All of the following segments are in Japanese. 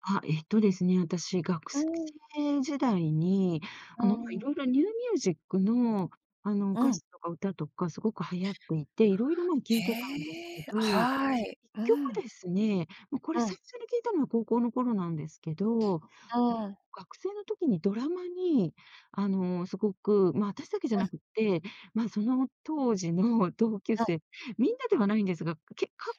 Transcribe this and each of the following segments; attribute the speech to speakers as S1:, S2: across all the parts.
S1: あ、えっとですね、あたし学学
S2: うーん。
S1: 生時代に、
S2: う
S1: あ
S2: ー
S1: の、ま、
S2: ん。
S1: 色々ニューミュージックの、あの、
S2: う
S1: 歌
S2: ん。
S1: 詞とか歌とかすごく流行っていて、色々なん聞いてたんです
S2: へ
S1: け
S2: え、
S1: ど、いっ
S2: はい、う
S1: きょくで
S2: ん。
S1: すね、ま、これ
S2: う
S1: 最
S2: ん。
S1: 初に聞いたのは高校の頃なんですけど、
S2: うーん。
S1: 学生の時にドラマに、あの、すごく、ま、あたしだけじゃ
S2: う
S1: な
S2: ん。
S1: くって、ま、その当時の同級
S2: うん。
S1: 生、みんなではないんですが、けか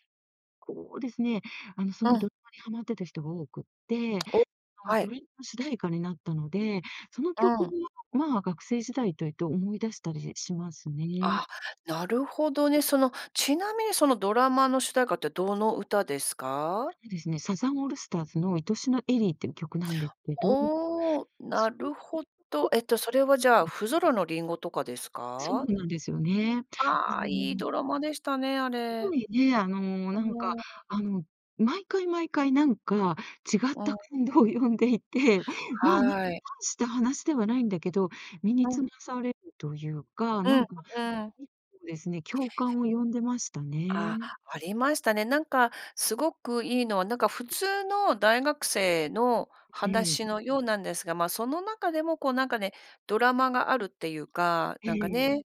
S1: こうですね、あの、そ
S2: う
S1: のド
S2: ん。
S1: ラマにはまってた人が多くって、
S2: お、
S1: あの、
S2: は
S1: ド
S2: い。
S1: リの主題歌になったので、その曲
S2: うん。
S1: が、まあ、学生時代というと思い出したりしますね。
S2: あ、なるほどね。その、ちなみにそのドラマの主題歌ってどの歌ですか？
S1: あのですね、サザンオールスターズの「いとしのエリー」っていう曲なんでけど
S2: おお、な
S1: す
S2: るほど。
S1: ごく
S2: えっと、それは、じゃ
S1: う
S2: あ、
S1: ん。
S2: ふぞろの林檎とかです
S1: そう
S2: か？
S1: なんですよね。
S2: ああ、いいド
S1: [unintelligible]
S2: ラマでしたね、あ
S1: す
S2: れ。
S1: ごいね、あの、
S2: あ
S1: なんか、
S2: あ。
S1: あの、毎回毎回なんか違っ
S2: う
S1: た
S2: ん。
S1: 感動呼んでいて、まあね、
S2: はい。
S1: 大した話ではないんだけど、身に
S2: う
S1: つま
S2: ん。
S1: されるというか、
S2: う
S1: な
S2: ん、
S1: んか、
S2: うん。
S1: ちょっとですね、共感を呼んでました
S2: あ、
S1: ね。
S2: ありましたね。なんか、すごくいいのは、なんか、普通の大学生の
S1: ええ。
S2: 話のようなんですが、ま、その中でも、こう、なんかね、ドラマがあるっていうか、
S1: え
S2: なんか
S1: えええ。
S2: ね、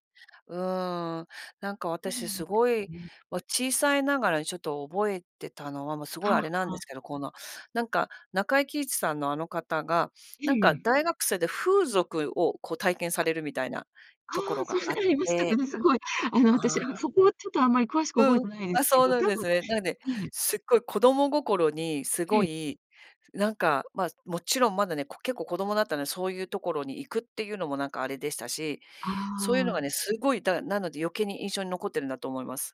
S2: うーん。なんか、私、すご
S1: [unintelligible]
S2: い、
S1: ね。
S2: わ小さいながらにちょっと覚えてたのは、もうす
S1: あ
S2: ご
S1: あ、
S2: いあれなん
S1: は
S2: で
S1: あ。
S2: すけど、この、なんか、中井貴一さんのあの方が、
S1: え
S2: なん
S1: え
S2: か、
S1: ええ。
S2: 大学生で風俗を、こう、体験さ
S1: あ
S2: れるみたいなとこ
S1: あ、
S2: ろが
S1: そ
S2: あ
S1: れ
S2: っ
S1: ありましたか
S2: て、
S1: ね、すごい。あの、
S2: あ
S1: あたしは、も、
S2: あ
S1: そこはちょっとあんまり詳しく覚え
S2: うん。
S1: てないで
S2: あ、
S1: すけ
S2: そう
S1: ど、
S2: なん
S1: 多
S2: で
S1: 分、
S2: すね。なんで、
S1: ね。
S2: すっごい子供心にす
S1: え
S2: ご
S1: え。
S2: い、なんか、ま、もちろんまだね、こう、結構子供だったので、そういうところに行くっていうのもなんかあれでしたし、
S1: あ
S2: そういうのが
S1: あ。
S2: ね、すごい、だかなので余計に印象に残ってるんだと思います。